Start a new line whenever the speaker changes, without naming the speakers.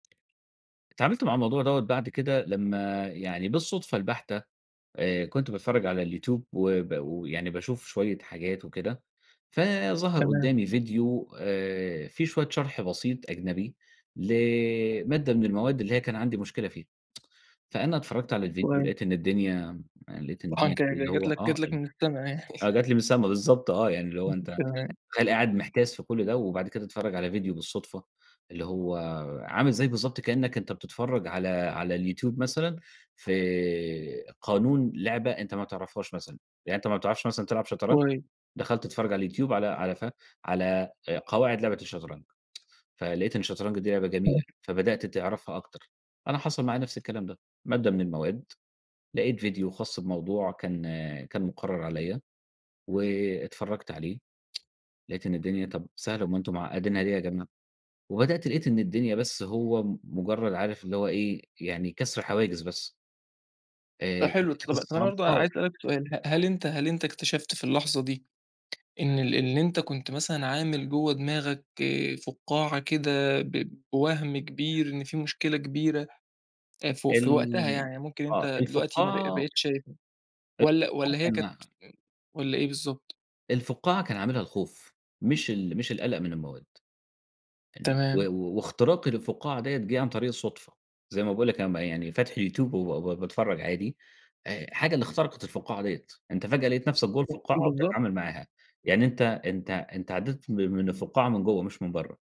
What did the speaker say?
اتعاملت مع الموضوع دوَّة بعد كده لمّا يعني بالصدفة البحتة آآ، كنت باتفرّج على اليوتيوب، وب ويعني باشوف شوية حاجات وكده فظهر
تمام.
قدّامي فيديو آآ، في شوية شرح بسيط أجنبي لمادة من المواد اللي هي كان عندي مشكلة فيها، فأنا اتفرّجت على الفيديو
كويس.
لقيت إن الدنيا م لقيت إن
آه
الدنيا
أنت
اللي
ج جت
هو
لك
آه
جت لك
ال
من السما يعني.
آه جت لي من السما بالضبط آه، يعني اللي هو
[unintelligible]
أنت
تمام.
تخيّل قاعد محتاس في كل ده وبعد كده تتفرّج على فيديو بالصدفة، اللي هو عامل زي بالضبط كإنّك أنت بتتفرّج على على اليوتيوب مثلًا في قانون لعبة أنت ما تعرفهاش مثلًا، يعني أنت ما بتعرفش مثلًا تلعب شطرنج،
كويس.
دخلت تتفرّج على اليوتيوب على على ف على آآ، قواعد لعبة الشطرنج فلقيت إن الشطرنج دي لعبة جميلة
ماشي.
فبدأت تعرفها أكتر، أنا حصل معايا نفس الكلام ده مادة من المواد لقيت فيديو خاص بموضوع كان كان مقرّر عليَّ واتفرّجت عليه لقيت إن الدنيا طَب سهلة أُمّال أنتم معقدينها ليه يا جماعه، وبدأت لقيت إن الدنيا بس هو م مجرّد عارف اللي هو إيه يعني كسر حواجز بس.
ده
آآ،
حلو ط
والحاجات
طَب طب أنا
الصعبة
برضه
آه.
عايز اسألك سؤال ه هل أنت هل أنت اكتشفت في اللحظة دي إن ال إن أنت كنت مثلًا عامل جوّه دماغك فُقَّاعة كده، ب بوَهم كبير إن في مشكلة كبيرة آآ، ف في وقتها
ال
يعني، ممكن أنت
آه
دلوقتي ما بق ما
الفُقّاعة
بقيتش شايفها والَّا
الفقّاعة
والَّا هي كانت
كان
والَّا إيه بالضبط؟
الفُقَّاعة كان عاملها الخوف مش ال مش القلق من المواد، [unintelligible] و
تمام.
واختراقي للفُقَّاعة ديَّة جِه عن طريق الصدفة، زي ما باقول لك أنا م يعني فاتح اليوتيوب وبا با باتفرّج عادي، آآ، حاجة اللي اخترقت الفُقَّاعة ديَّة، أنت فجأة لقيت نفسك جوّه
[unintelligible]
الفُقَّاعة، وبتتعامل
بالضبط.
معاها يعني، أنت أنت أنت عدّيت من من الفُقَّاعة من جوّه مش من برّه.